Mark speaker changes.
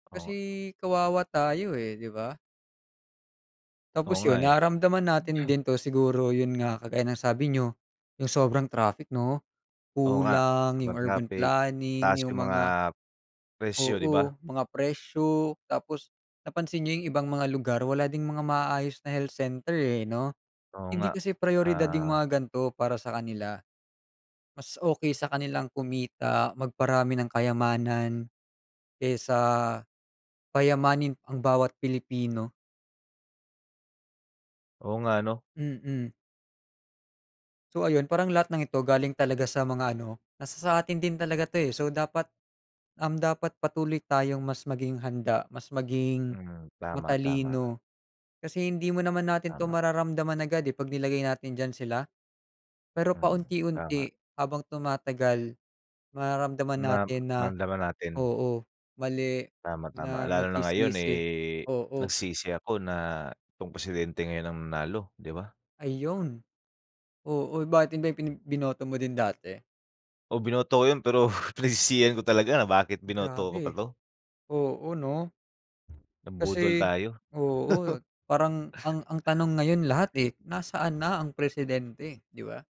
Speaker 1: Oo
Speaker 2: Kasi,
Speaker 1: nga.
Speaker 2: kawawa tayo, eh, 'di ba.
Speaker 1: Oo
Speaker 2: Tapos
Speaker 1: nga,
Speaker 2: 'yon,
Speaker 1: eh.
Speaker 2: naramdaman
Speaker 1: Buti
Speaker 2: natin
Speaker 1: am
Speaker 2: din 'to, siguro 'yon nga, kagaya ng sabi niyo, 'yong sobrang traffic, 'no.
Speaker 1: Oo nga.
Speaker 2: Kulang 'yong
Speaker 1: Kapagka
Speaker 2: urban
Speaker 1: peak,
Speaker 2: planning,
Speaker 1: taas
Speaker 2: 'yong
Speaker 1: 'yong mga
Speaker 2: mga
Speaker 1: presyo, 'di ba.
Speaker 2: Oo, mga presyo. Tapos, napansin niyo 'yong ibang mga lugar wala ding mga maaayos na health center, eh, 'no.
Speaker 1: Oo
Speaker 2: Hindi
Speaker 1: nga.
Speaker 2: kasi prayoridad 'yong
Speaker 1: Ah
Speaker 2: mga ganito para sa kanila. Mas okay sa kanilang kumita, magparami ng kayamanan, kaysa payamanin ang bawat Pilipino.
Speaker 1: Oo nga, 'no.
Speaker 2: Mm. So ayun. Parang lahat ng ito galing talaga sa mga ano, nasa sa atin din talaga 'to, eh. So dapat, um, dapat patuloy tayong mas maging handa, mas maging
Speaker 1: Mm. Tama, tama.
Speaker 2: matalino. Kasi hindi mo naman, natin 'to
Speaker 1: Tama.
Speaker 2: mararamdaman agad, eh, 'pag nilagay natin diyan sila. Pero
Speaker 1: Mm, tama.
Speaker 2: paunti-unti, habang tumatagal, mararamdaman
Speaker 1: Na
Speaker 2: natin na,
Speaker 1: maramdaman natin.
Speaker 2: oo, mali,
Speaker 1: Tama, tama.
Speaker 2: na
Speaker 1: Lalo na ngayon,
Speaker 2: magsisisi.
Speaker 1: eh,
Speaker 2: Oo.
Speaker 1: nagsisi ako na 'tong presidente ngayon ang nanalo, 'di ba.
Speaker 2: Ayun. Oo, bakit 'yon ba 'yong pini binoto mo din dati?
Speaker 1: O, binoto ko 'yon. Pero pinagsisihan ko talaga na bakit binoto ko pa
Speaker 2: Grabe.
Speaker 1: 'to.
Speaker 2: Oo, 'no.
Speaker 1: Nabudol
Speaker 2: Kasi,
Speaker 1: tayo.
Speaker 2: oo at, parang ang ang tanong ngayon lahat, eh, nasaan na ang presidente, 'di ba?